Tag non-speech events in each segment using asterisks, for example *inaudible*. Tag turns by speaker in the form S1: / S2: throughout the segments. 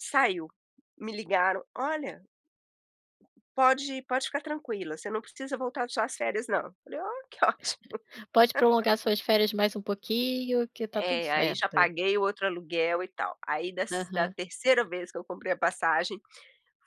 S1: Saiu. Me ligaram: "Olha" "pode pode ficar tranquila. Você não precisa voltar das suas férias não!". Falei: "Ó! Que ótimo!".
S2: *laughs* Pode prolongar
S1: *laughs*
S2: suas férias mais um pouquinho que tá tudo
S1: É. Aí já
S2: certo.
S1: paguei o outro aluguel e tal. Aí dess da
S2: Aham.
S1: terceira vez que eu comprei a passagem,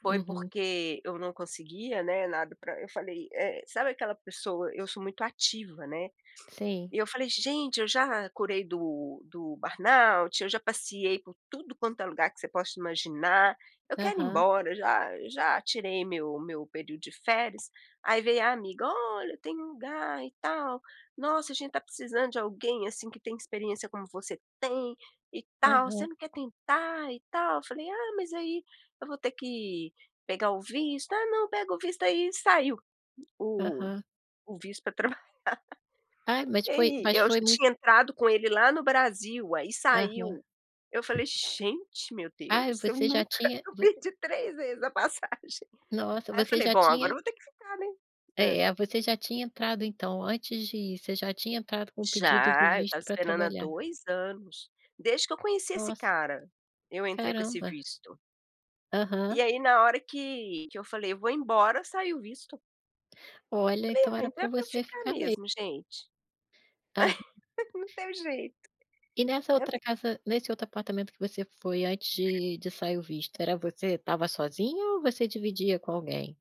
S1: foi
S2: Uhum.
S1: porque eu não conseguia, né, nada, pra eu falei, eh, sabe aquela pessoa, eu sou muito ativa, né.
S2: Sim.
S1: E eu falei: "Gente, eu já curei do do burnout, eu já passeei por tudo quanto é lugar que você possa imaginar, eu quero ir
S2: Aham.
S1: embora, já já tirei meu meu período de férias!". Aí veio a amiga: "Olha tem um lugar e tal, nossa a gente tá precisando de alguém assim que tem experiência como você tem e tal, você
S2: Aham.
S1: não quer tentar e tal". Eu falei: "Ah, mas aí eu vou ter que, pegar o visto!". "Ah não, pega o visto aí!". Saiu. O
S2: Aham.
S1: o visto pra trabalhar.
S2: Ah, mas
S1: E
S2: tipo aí
S1: aí
S2: mas
S1: eu ji
S2: foi mui
S1: tinha entrado com ele lá no Brasil, aí
S2: Aham.
S1: saiu. Eu falei: "Gente, meu Deus,
S2: Ai,
S1: eu
S2: você já
S1: nunca",
S2: tinha
S1: eu
S2: vo
S1: perdi três vezes a passagem.
S2: Nossa,
S1: Aí eu
S2: você
S1: falei:
S2: já
S1: "Bom, agora
S2: tinha
S1: eu vou ter que ficar né?". Hã.
S2: É, você já tinha entrado então antes de ir, você já tinha entrado com o pedido de
S1: Já, eu estava
S2: visto pra
S1: esperando há
S2: trabalhar.
S1: 2 anos. Desde que eu conheci esse
S2: Nossa.
S1: cara, eu entrei com esse
S2: Caramba.
S1: visto. E
S2: Aham.
S1: aí na hora que que eu falei: "Eu vou embora!", saiu o visto.
S2: Olha,
S1: Falei:
S2: então
S1: "Ah
S2: era
S1: então é
S2: pra
S1: pra eu
S2: você
S1: ficar
S2: ficar me
S1: mesmo, gente!".
S2: Aham.
S1: *laughs* Não teve jeito.
S2: E nessa
S1: É porqu
S2: outra casa, nesse outro apartamento que você foi antes de de sair o visto, era você estava sozinho ou você dividia com alguém?